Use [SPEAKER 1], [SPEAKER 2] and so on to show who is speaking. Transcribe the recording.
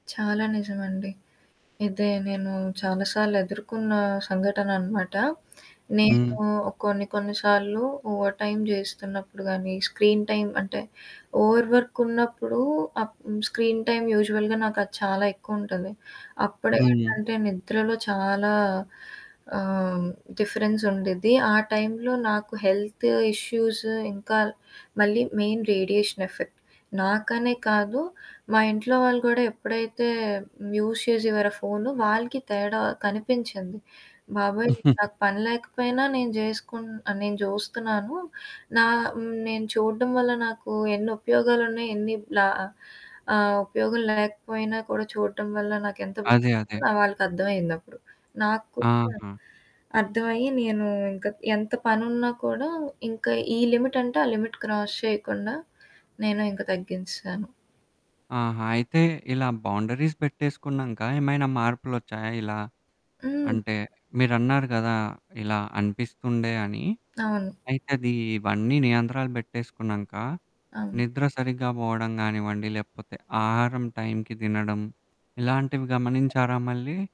[SPEAKER 1] చాలా నిజమండి. ఇదే నేను చాలా సార్లు ఎదుర్కొన్న సంఘటన అనమాట. నేను
[SPEAKER 2] హ్మ్.
[SPEAKER 1] కొన్ని కొన్ని సార్లు ఓవర్ టైమ్ చేస్తున్నప్పుడు గానీ స్క్రీన్ టైమ్ అంటే ఓవర్ వర్క్ ఉన్నప్పుడు ఆహ్, స్క్రీన్ టైమ్ యూజువల్‌గా నాకు అది చాలా ఎక్కువ ఉంటది. అప్పుడే
[SPEAKER 2] హ్మ్.
[SPEAKER 1] ఏంటంటే నిద్రలో చాలా ఆహ్, హ్మ్. డిఫరెన్స్ ఉండిద్ది. ఆ టైంలో నాకు హెల్తు ఇష్యూసు ఇంకా మళ్ళీ మెయిన్ రేడియేషన్ ఎఫెక్ట్ నాకనే కాదు మా ఇంట్లో వాళ్ళు కూడా ఎప్పుడైతే యూజ్ చేసేవారో ఫోను వాళ్ళకి తేడా కనిపించింది. బాబోయ్! నాకు పని లేకపోయినా నేను చేసుకున్న నేను చూస్తున్నాను. నా నేను చూడడం వల్ల నాకు ఎన్ని ఉపయోగాలున్నయి ఎన్ని లా ఆహ్, ఉపయోగం లేకపోయినా కూడా చూడడం వల్ల నాకెంతో
[SPEAKER 2] అదే. అదే.
[SPEAKER 1] వాళ్ళకర్థమయిందప్పుడు. నాకు కూడా
[SPEAKER 2] ఆహా!
[SPEAKER 1] అర్థమయ్యి నేను ఇంకా ఎంత పనినున్నా కూడా ఇంకా ఈ లిమిట్ అంటే ఆ లిమిట్ క్రాస్ చేయకుండా నేను ఇంకా తగ్గించేశాను.
[SPEAKER 2] ఆహా! అయితే ఇలా బౌండరీస్ పెట్టేసుకున్నాంక ఏమైనా మార్పులొచ్చాయా ఇలా?
[SPEAKER 1] హ్మ్.
[SPEAKER 2] అంటే, మీరన్నారు కదా! ఇలా అనిపిస్తుండే అని.
[SPEAKER 1] అవును.
[SPEAKER 2] అయితే అది ఇవన్నీ నియంత్రాలు పెట్టేసుకున్నాంక
[SPEAKER 1] అవును.
[SPEAKER 2] నిద్ర సరిగ్గా పోవడం కానివ్వండి, లేకపోతే ఆహారం టైంకి తినడం ఇలాంటివి గమనించారా మళ్ళీ?